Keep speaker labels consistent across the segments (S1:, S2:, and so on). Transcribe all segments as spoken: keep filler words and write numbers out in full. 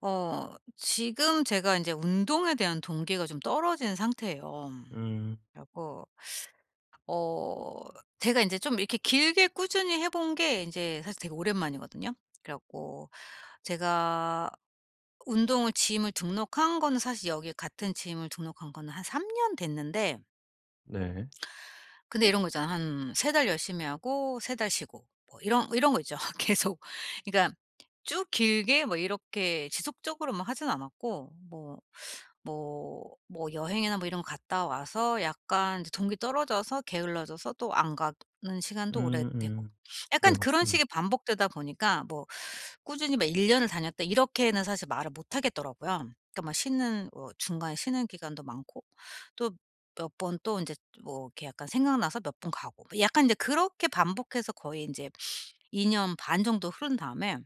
S1: 어 지금 제가 인제 운동에 대한 동기가 좀 떨어진 상태예요.
S2: 음.
S1: 그래 갖고 어 제가 인제 좀 이렇게 길게 꾸준히 해 본 게 인제 사실 되게 오랜만이거든요. 그래 갖고 제가 운동을 gym을 등록한 거는 사실 여기에 같은 gym을 등록한 거는 한 삼 년 됐는데
S2: 네.
S1: 근데 이런 거 있잖아요. 한 세 달 열심히 하고 세 달 쉬고 뭐 이런 이런 거 있죠 계속. 그러니까 쭉 길게 뭐 이렇게 지속적으로 막 하진 않았고 뭐, 뭐, 뭐 여행이나 뭐 이런 거 갔다 와서 약간 이제 동기 떨어져서 게을러져서 또 안 가는 시간도 오래되고.
S2: 음음.
S1: 약간
S2: 그래요.
S1: 그런
S2: 음.
S1: 식이 반복되다 보니까 뭐 "꾸준히 막 일 년을 다녔다." 이렇게는 사실 말을 못 하겠더라고요. 그러니까 막 쉬는 뭐 중간에 쉬는 기간도 많고 또 몇 번 또 인제 뭐 이렇게 약간 생각나서 몇 번 가고. 뭐 약간 이제 그렇게 반복해서 거의 인제 이 년 반 정도 흐른 다음에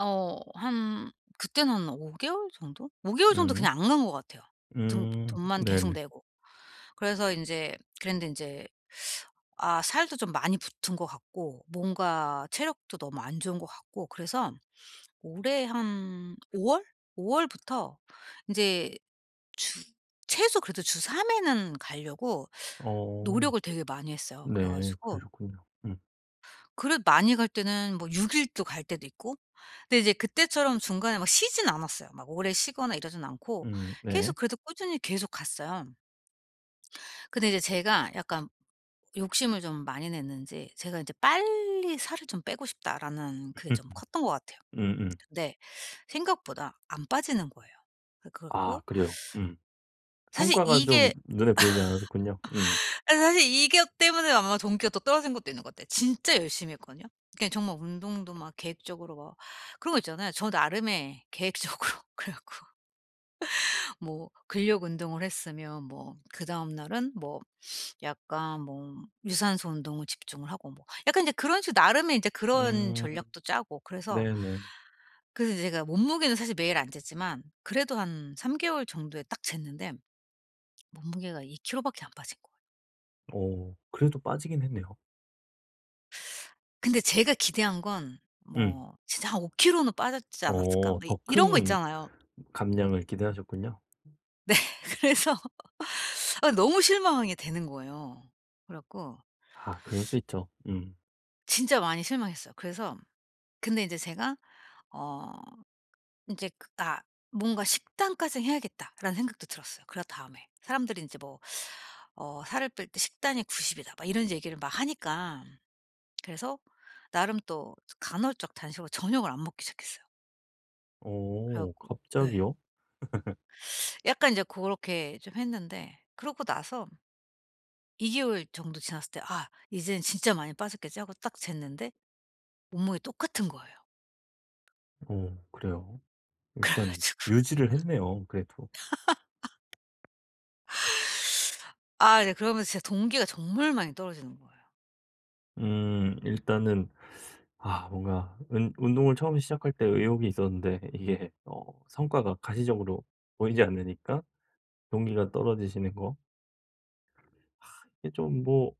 S1: 어 한 그때는 오 개월 정도? 오 개월 정도
S2: 음.
S1: 그냥 안 간 것 같아요 등
S2: 음
S1: 돈만 계속
S2: 네네.
S1: 내고. 그래서 인제 그랬는데 인제 아 살도 좀 많이 붙은 것 같고 뭔가 체력도 너무 안 좋은 것 같고 그래서 올해 한 오 월? 오 월부터 인제 주 최소 그래도 주 삼 회는 가려고
S2: 어.
S1: 노력을 되게 많이 했어요. 그래
S2: 네.
S1: 가지고
S2: 그러셨군요. 음.
S1: 그래도 많이 갈 때는 뭐 육 일도 갈 때도 있고 근데 이제 그때처럼 중간에 막 쉬지는 않았어요. 막 오래 쉬거나 이러진 않고
S2: 음 네.
S1: 계속 그래도 꾸준히 계속 갔어요. 근데 이제 제가 약간 욕심을 좀 많이 냈는지 제가 이제 '빨리 살을 좀 빼고 싶다.'라는 그게 좀 컸던 것 같아요.
S2: 음음.
S1: 근데 생각보다 안 빠지는 거예요. 그 그래
S2: 아
S1: 갖고
S2: 그래요. 음.
S1: 사실
S2: 성과가
S1: 이게
S2: 좀 눈에 보이지 않았었군요. 음.
S1: 아 사실 이 기억 때문에 아마 동기가 더 떨어진 것도 있는 거 같아요. 진짜 열심히 했거든요. 그냥 정말 운동도 막 계획적으로 막 그런 거 있잖아요 저 나름의 계획적으로. 그래 갖고 뭐 근력 운동을 했으면 뭐 그다음 날은 뭐 약간 뭐 유산소 운동을 집중을 하고 뭐 약간 이제 그런 식으로 나름의 이제 그런
S2: 음.
S1: 전략도 짜고 그래서,
S2: 네네.
S1: 그래서 제가 몸무게는 사실 매일 안 쟀지만 그래도 한 삼 개월 정도에 딱 쟀는데 몸무게가 이 킬로 밖에 안 빠진 거예요.
S2: 어 그래도 빠지긴 했네요.
S1: 근데 제가 기대한 건
S2: 응.
S1: 뭐 진짜 한 '오 킬로는 빠졌지 않았을까.'
S2: 어
S1: 뭐
S2: 더
S1: 이런 거
S2: 큰
S1: 있잖아요.
S2: 감량을 기대하셨군요. 음.
S1: 네 그래서 아 너무 실망하게 되는 거예요. 그래 갖고
S2: 아 그럴 수 있죠. 음.
S1: 진짜 많이 실망했어요. 그래서 근데 이제 제가 어 인제 그 다 '뭔가 식단까지 해야겠다.'라는 생각도 들었어요 그 다음에. 사람들이 인제 뭐 어 "살을 뺄 때 식단이 구십 이다." 막 이런 이제 얘기를 막 하니까. 그래서 나름 또 간헐적 단식으로 저녁을 안 먹기 시작했어요. 그래
S2: 어.
S1: 갖고 예.
S2: 갑자기요?
S1: 약간 이제 고렇게 좀 했는데 그러고 나서 이 개월 정도 지났을 때 '아 이젠 진짜 많이 빠졌겠지.' 하고 딱 쟀는데 몸무게 똑같은 거예요.
S2: 어 그래요?
S1: 그래
S2: 일단
S1: 가지고
S2: 유지를 했네요 그래도.
S1: 아 이제 그러면서 진짜 동기가 정말 많이 떨어지는 거예요.
S2: 음 일단은 아 뭔가 은 운동을 처음에 시작할 때 의욕이 있었는데 이게 어 성과가 가시적으로 보이지 않으니까 동기가 떨어지시는 거. 이게 좀 뭐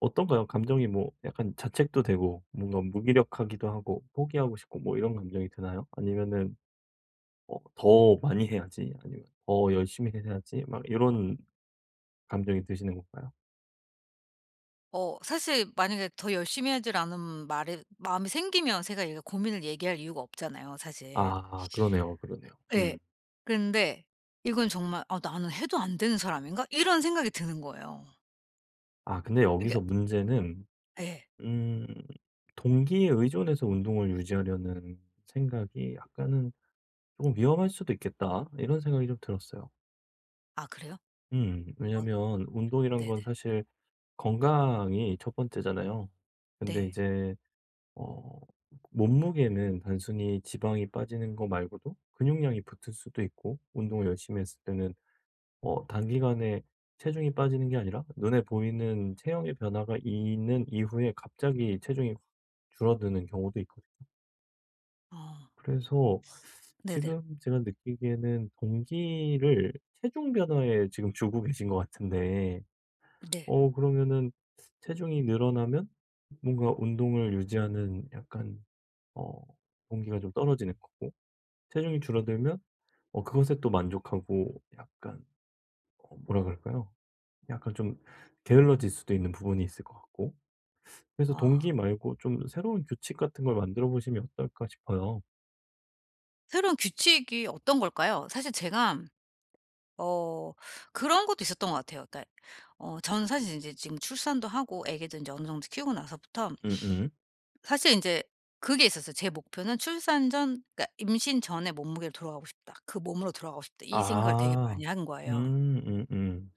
S2: 어떤가요? 감정이 뭐 약간 자책도 되고 뭔가 무기력하기도 하고 포기하고 싶고 뭐 이런 감정이 드나요? 아니면은 어 '더 많이 해야지.' 아니면 '더 열심히 해야지.' 막 요런 감정이 드시는 건가요?
S1: 어 사실 만약에 더 열심히 하질 않으면 말에 마음이 생기면 제가 이게 고민을 얘기할 이유가 없잖아요 사실.
S2: 아 그러네요, 그러네요.
S1: 예.
S2: 음.
S1: 그런데 이건 정말 '아 나는 해도 안 되는 사람인가?' 이런 생각이 드는 거예요.
S2: 아 근데
S1: 그러니까
S2: 여기서 문제는
S1: 예.
S2: 음 '동기에 의존해서 운동을 유지하려는 생각이 약간은 쪼금 위험할 수도 있겠다.' 이런 생각이 좀 들었어요.
S1: 아 그래요?
S2: 음
S1: 엇
S2: 왜냐하면 운동이란
S1: 네네.
S2: 건 사실 건강이 첫 번째잖아요. 근데
S1: 네.
S2: 이제 어 몸무게는 단순히 지방이 빠지는 거 말고도 근육량이 붙을 수도 있고 운동을 열심히 했을 때는 어 단기간에 체중이 빠지는 게 아니라 눈에 보이는 체형의 변화가 있는 이후에 갑자기 체중이 줄어드는 경우도 있거든요.
S1: 아.
S2: 그래서
S1: 네네.
S2: 지금 제가 느끼기에는 동기를 체중 변화에 지금 주고 계신 것 같은데
S1: 네.
S2: 어 그러면은 체중이 늘어나면 뭔가 운동을 유지하는 약간 어 동기가 좀 떨어지는 거고 체중이 줄어들면 어 그것에 또 만족하고 약간 어 뭐라 그럴까요? 약간 좀 게을러질 수도 있는 부분이 있을 것 같고 그래서
S1: 아.
S2: 동기 말고 좀 새로운 규칙 같은 걸 만들어 보심이 어떨까 싶어요.
S1: 새로운 규칙이 어떤 걸까요? 사실 제가 어 그런 것도 있었던 것 같아요. 그러니까 어 전 사실 인제 지금 출산도 하고 애기도 인제 어느 정도 키우고 나서부터
S2: 음음.
S1: 사실 인제 그게 있었어요. 제 목표는 출산 전 그러니까 '임신 전에 몸무게로 돌아가고 싶다. 그 몸으로 돌아가고 싶다.' 이 생각을 되게
S2: 아.
S1: 많이 한 거예요.
S2: 음. 음음.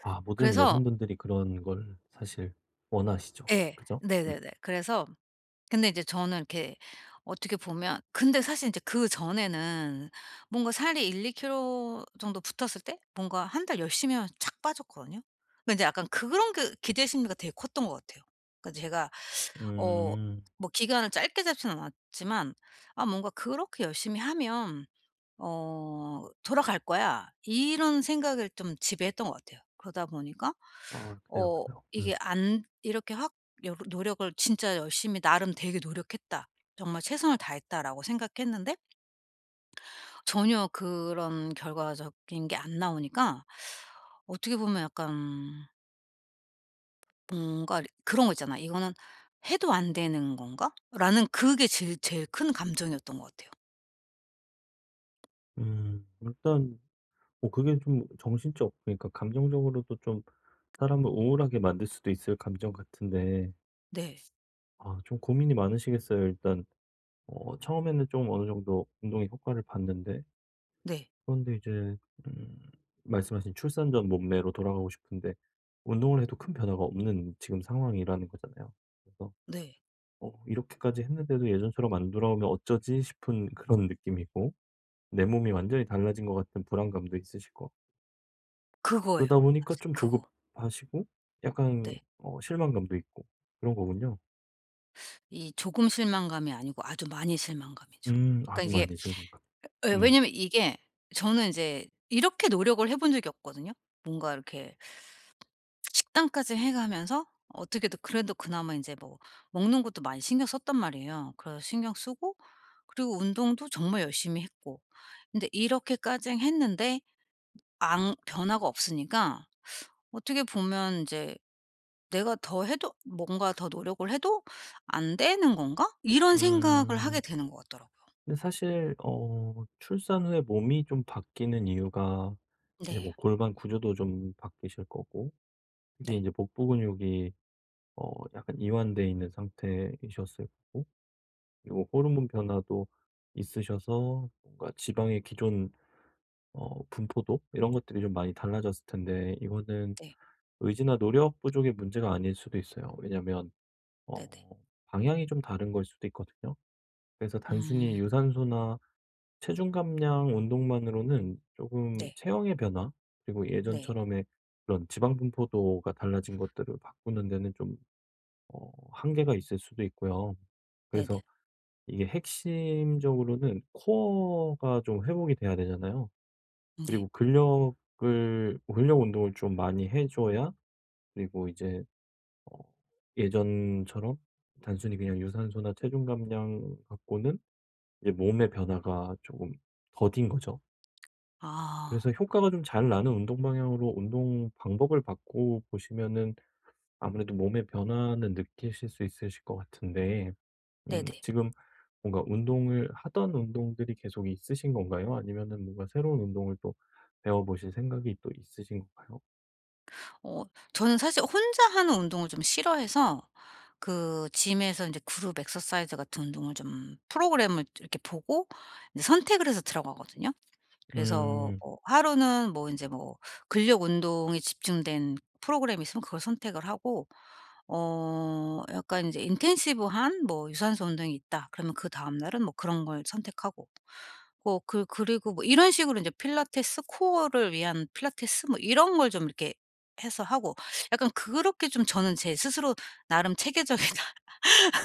S2: 아 모든
S1: 그래서
S2: 여성분들이 그런 걸 사실 원하시죠.
S1: 예.
S2: 그죠? 음.
S1: 네네네. 그래서 근데 이제 저는 이렇게 어떻게 보면 근데 사실 이제 그전에는 뭔가 살이 일이 킬로 정도 붙었을 때 뭔가 한 달 열심히 하면 쫙 빠졌거든요. 근데 인제 약간 그런 게 기대 심리가 되게 컸던 것 같아요. 그 제가 어
S2: 음.
S1: 뭐 기간을 짧게 잡지는 않았지만 아 뭔가 '그렇게 열심히 하면 어 돌아갈거야.' 이런 생각을 좀 지배했던 것 같아요. 그러다 보니까
S2: 아 그래요,
S1: 어
S2: 그래요.
S1: 이게
S2: 음.
S1: 안 이렇게 확 여러 노력을 '진짜 열심히 나름 되게 노력했다. 정말 최선을 다했다.'라고 생각했는데 전혀 그런 결과적인 게 안 나오니까 어떻게 보면 약간 뭔가 그런 거 있잖아요. '이거는 해도 안 되는 건가?'라는 그게 제일 제일 큰 감정이었던 것 같아요.
S2: 음 일단 뭐 그게 좀 정신적 그러니까 감정적으로도 좀 사람을 우울하게 만들 수도 있을 감정 같은데
S1: 네.
S2: 아 좀 고민이 많으시겠어요 일단. 어 처음에는 좀 어느 정도 운동의 효과를 봤는데
S1: 네.
S2: 그런데 이제 음 말씀하신 출산 전 몸매로 돌아가고 싶은데 운동을 해도 큰 변화가 없는 지금 상황이라는 거잖아요? 그래서
S1: 네.
S2: '어 이렇게까지 했는데도 예전처럼 안 돌아오면 어쩌지?' 싶은 그런 느낌이고 내 몸이 완전히 달라진 것 같은 불안감도 있으시고
S1: 그거예요.
S2: 그러다 보니까
S1: 맞아
S2: 좀
S1: 그거.
S2: 조급하시고 약간
S1: 네.
S2: 어 실망감도 있고 그런 거군요.
S1: 이 조금 실망감이 아니고 아주 많이 실망감이죠.
S2: 음.
S1: 그러니까
S2: 아주
S1: 이게
S2: 많이 실망감.
S1: 예
S2: 음.
S1: 왜냐하면 이게 저는 이제 이렇게 노력을 해본 적이 없거든요. 뭔가 이렇게 식단까지 해 가면서 어떻게든 그래도 그나마 이제 뭐 먹는 것도 많이 신경 썼단 말이에요. 그래서 신경쓰고 그리고 운동도 정말 열심히 했고 근데 이렇게까지 했는데 앙 변화가 없으니까 어떻게 보면 인제 '내가 더 해도 뭔가 더 노력을 해도 안 되는 건가?' 이런 생각을 하게
S2: 음.
S1: 되는 것 같더라고요.
S2: 근데 사실 어 출산 후에 몸이 좀 바뀌는 이유가 이제 뭐
S1: 네.
S2: 골반 구조도 좀 바뀌실 거고 이게
S1: 네.
S2: 이제 복부 근육이 어 약간 이완돼 있는 상태이셨을 거고 그리고 호르몬 변화도 있으셔서 뭔가 지방의 기존 어 분포도 이런 것들이 좀 많이 달라졌을 텐데 이거는
S1: 네.
S2: 의지나 노력 부족의 문제가 아닐 수도 있어요. 왜냐하면 어
S1: 네네.
S2: 방향이 좀 다른 거일 수도 있거든요. 그래서 단순히
S1: 음.
S2: 유산소나 체중 감량 운동만으로는 금
S1: 네.
S2: 체형의 변화 그리고
S1: 네.
S2: 예전처럼의 그런 지방 분포도가 달라진 것들을 바꾸는 데는 좀 어 한계가 있을 수도 있고요. 그래서
S1: 네네.
S2: 이게 핵심적으로는 코어가 좀 회복이 돼야 되잖아요.
S1: 네.
S2: 그리고 근력을 근력 운동을 좀 많이 해줘야 그리고 이제 어 예전처럼 단순히 그냥 유산소나 체중 감량 갖고는 이제 몸의 변화가 조금 더딘 거죠.
S1: 아.
S2: 그래서 효과가 좀 잘 나는 운동 방향으로 운동 방법을 바꿔 보시면은 아무래도 몸의 변화는 느끼실 수 있으실 것 같은데 음
S1: 네네.
S2: 지금 뭔가 운동을 하던 운동들이 계속 있으신 건가요? 아니면은 뭔가 새로운 운동을 또 배워보실 생각이 또 있으신 건가요?
S1: 어 저는 사실 혼자 하는 운동을 좀 싫어해서 그 gym에서 이제 그룹 exercise 같은 운동을 좀 프로그램을 좀 이렇게 보고 이제 선택을 해서 들어가거든요. 그래서
S2: 음.
S1: 뭐 하루는 뭐 인제 뭐 근력 운동에 집중된 프로그램이 있으면 그걸 선택을 하고 어 약간 인제 'intensive 한 뭐 유산소 운동이 있다.' 그러면 그다음 날은 뭐 그런 걸 선택하고. 뭐 그 그리고 뭐 이런 식으로 이제 필라테스 코어를 위한 필라테스 뭐 이런 걸 좀 이렇게 해서 하고. 약간 그렇게 좀 저는 제 스스로 '나름 체계적이다.'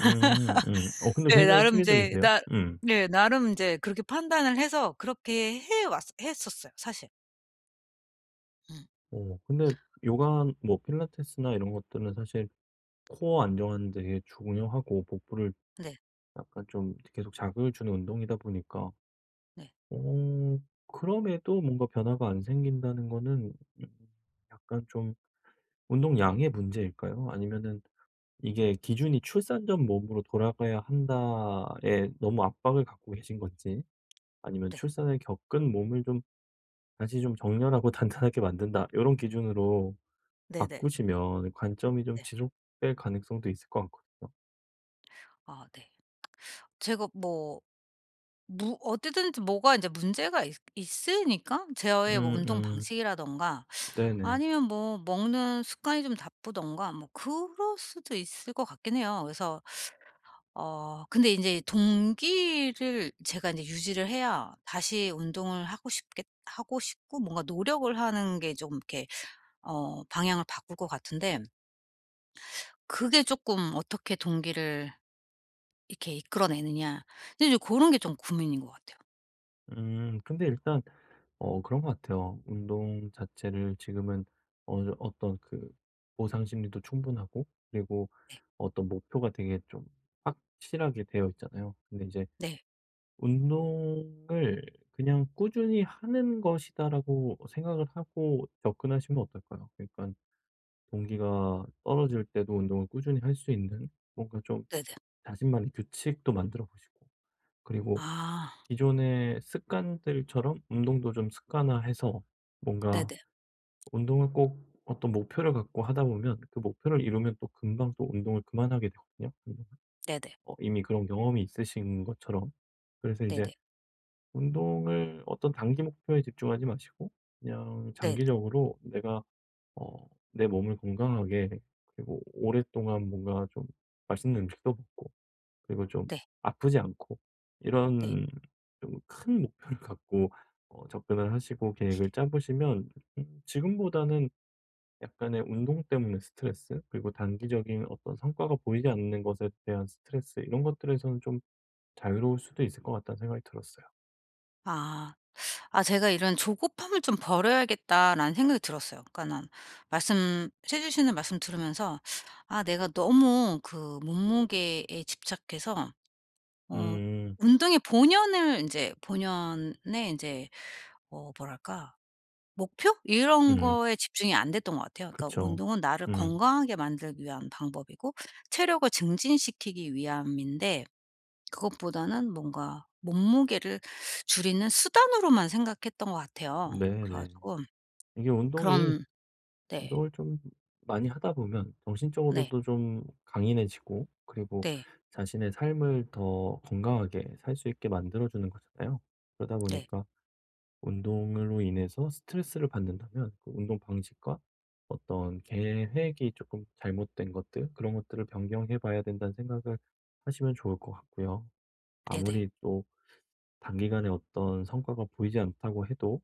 S2: 음. 음. 어 근데
S1: 네
S2: 굉장히
S1: 나름 이제
S2: 체계적인데요.
S1: 나
S2: 음.
S1: 네 나름 이제 그렇게 판단을 해서 그렇게 해 왔어 했었어요 사실. 음.
S2: 어. 근데 요가 뭐 필라테스나 이런 것들은 사실 코어 안정하는 데에 중요하고 복부를
S1: 네.
S2: 약간 좀 이렇게 계속 자극을 주는 운동이다 보니까.
S1: 네.
S2: 어 그럼에도 뭔가 변화가 안 생긴다는 거는 음 약간 좀 운동량의 문제일까요? 아니면은 이게 기준이 '출산 전 몸으로 돌아가야 한다.'에 너무 압박을 갖고 계신 건지. 아니면
S1: 네.
S2: '출산을 겪은 몸을 좀 다시 좀 정렬하고 단단하게 만든다.' 요런 기준으로
S1: 네네.
S2: 바꾸시면 관점이 좀
S1: 네.
S2: 지속될 가능성도 있을 것 같거든요.
S1: 아 네. 제가 뭐 무 어쨌든지 뭐가 인제 문제가 있 있으니까 저의 뭐 운동
S2: 음음.
S1: 방식이라든가
S2: 네네.
S1: 아니면 뭐 먹는 습관이 좀 나쁘던가 뭐 그럴 수도 있을 것 같긴 해요. 그래서 어 근데 인제 동기를 제가 인제 유지를 해야 다시 운동을 하고 싶겠 하고 싶고 뭔가 노력을 하는 게 좀 이렇게 어 방향을 바꿀 것 같은데 그게 쪼끔 어떻게 동기를 이렇게 이끌어 내느냐 근데 이제 고런 게 좀 고민인 것 같아요.
S2: 음. 근데 일단 어 그런 것 같아요. 운동 자체를 지금은 어느 정 어떤 그 보상 심리도 충분하고 그리고
S1: 네.
S2: 어떤 목표가 되게 좀 확실하게 되어 있잖아요. 근데 이제
S1: 네.
S2: 운동을 '그냥 꾸준히 하는 것이다.'라고 생각을 하고 접근하시면 어떨까요? 그러니깐 동기가 떨어질 때도 운동을 꾸준히 할 수 있는 뭔가 좀
S1: 네네.
S2: 자신만의 규칙도 만들어 보시고 그리고
S1: 아.
S2: 기존의 습관들처럼 운동도 좀 습관화해서 뭔가
S1: 네네.
S2: 운동을 꼭 어떤 목표를 갖고 하다 보면 그 목표를 이루면 또 금방 또 운동을 그만하게 되거든요. [unintelligible]
S1: 네네.
S2: 어 이미 그런 경험이 있으신 것처럼 그래서 이제
S1: 네네.
S2: 운동을 어떤 단기 목표에 집중하지 마시고 그냥
S1: 네네.
S2: 장기적으로 내가 어 내 몸을 건강하게 그리고 오랫동안 뭔가 좀 맛있는 음식도 먹고 그리고 좀
S1: 네.
S2: 아프지 않고
S1: 네
S2: 이런 좀 큰 목표를 갖고 어 접근을 하시고 계획을 짜 보시면 음 지금보다는 약간의 운동 때문에 스트레스 그리고 단기적인 어떤 성과가 보이지 않는 것에 대한 스트레스 이런 것들에서는 좀 자유로울 수도 있을 것 같다는 생각이 들었어요.
S1: 아. 아 제가 '이런 조급함을 좀 버려야겠다.'라는 생각이 들었어요. 그러니까는 말씀 해 주시는 말씀 들으면서 아 내가 너무 그 몸무게에 집착해서 어
S2: 음.
S1: 운동의 본연을 인제 본연의 인제 어 뭐랄까 목표? 이런
S2: 음.
S1: 거에 집중이 안 됐던 것 같아요. 그니까
S2: 그쵸.
S1: 운동은 나를
S2: 음.
S1: 건강하게 만들기 위한 방법이고 체력을 증진시키기 위함인데 그것보다는 뭔가 몸무게를 줄이는 수단으로만 생각했던 것 같아요. 그래
S2: 네네.
S1: 가지고
S2: 이게 운동이
S1: 그런 네.
S2: 운동을 좀 많이 하다 보면
S1: 네.
S2: 정신적으로도 좀 강인해지고 그리고
S1: 네.
S2: 자신의 삶을 더 건강하게 살 수 있게 만들어 주는 거잖아요. 그러다
S1: 네.
S2: 보니까 운동으로 인해서 스트레스를 받는다면 그 운동 방식과 어떤 계획이 쪼끔 잘못된 것들 그런 것들을 변경해 봐야 된다는 생각을 하시면 좋을 것 같고요.
S1: 네네.
S2: 아무리 또 단기간에 어떤 성과가 보이지 않다고 해도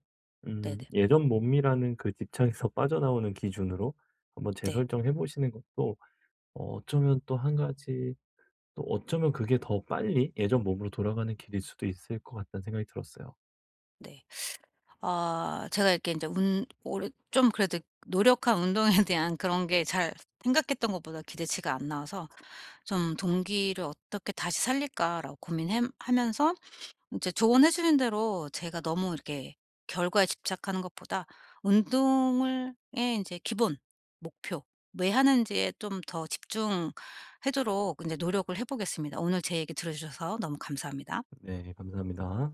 S2: 음
S1: 네네.
S2: 예전 몸이라는 그 집착에서 빠져나오는 기준으로 한번
S1: 네.
S2: 재설정해 보시는 것도 어 어쩌면 또 한 가지 또 어쩌면 그게 더 빨리 예전 몸으로 돌아가는 길일 수도 있을 것 같다는 생각이 들었어요.
S1: 네. 아 제가 이렇게 인제 운 올해 좀 그래도 노력한 운동에 대한 그런 게 잘 생각했던 것보다 기대치가 안 나와서 좀 '동기를 어떻게 다시 살릴까.'라고 고민해 하면서 인제 조언해 주신 대로 제가 너무 이렇게 결과에 집착하는 것보다 운동을 예 인제 기본 목표 왜 하는지에 좀 더 집중하도록 인제 노력을 해 보겠습니다. 오늘 제 얘기 들어 주셔서 너무 감사합니다.
S2: 네 감사합니다.